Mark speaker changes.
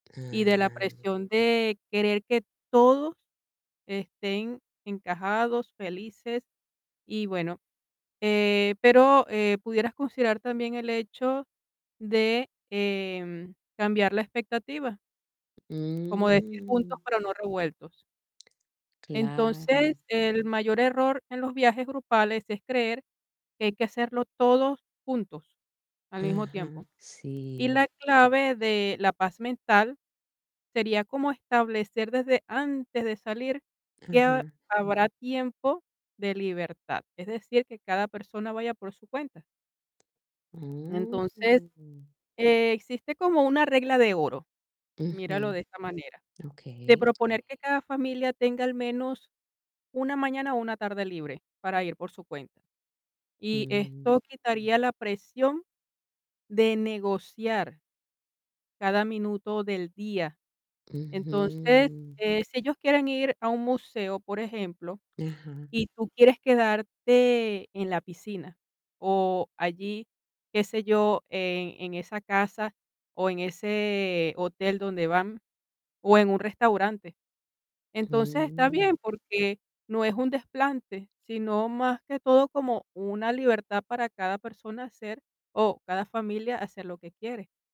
Speaker 1: Y de la
Speaker 2: Ah.
Speaker 1: presión de querer que todos estén encajados, felices y, bueno, eh, pero, eh pudieras considerar también el hecho de, em, cambiar la expectativa como decir, juntos,
Speaker 2: Mm.
Speaker 1: pero no revueltos. Entonces,
Speaker 2: Claro.
Speaker 1: el mayor error en los viajes grupales es creer que hay que hacerlo todo juntos, al mismo
Speaker 2: Ajá,
Speaker 1: tiempo. Y
Speaker 2: sí.
Speaker 1: la clave de la paz mental sería como establecer desde antes de salir que ha
Speaker 2: Ajá.
Speaker 1: habrá tiempo de libertad, es decir, que cada persona vaya por su cuenta. Entonces,
Speaker 2: Mm.
Speaker 1: existe como una regla de oro. Míralo
Speaker 2: Ujú.
Speaker 1: de esta manera. De
Speaker 2: Okey.
Speaker 1: proponer que cada familia tenga, al menos, una mañana o una tarde libre para ir por su cuenta, y
Speaker 2: Mm.
Speaker 1: esto quitaría la presión de negociar cada minuto del día. Entonces,
Speaker 2: Ujú.
Speaker 1: eh, si ellos quieren ir a un museo, por ejemplo,
Speaker 2: Ajá.
Speaker 1: y tú quieres quedarte en la piscina, o allí, qué sé yo, en en esa casa, o en ese hotel donde van, o en un restaurante. Entonces, está
Speaker 2: Mm.
Speaker 1: bien, porque no es un desplante, sino, más que todo, como una libertad para cada persona hacer, o cada familia hacer lo que quiere.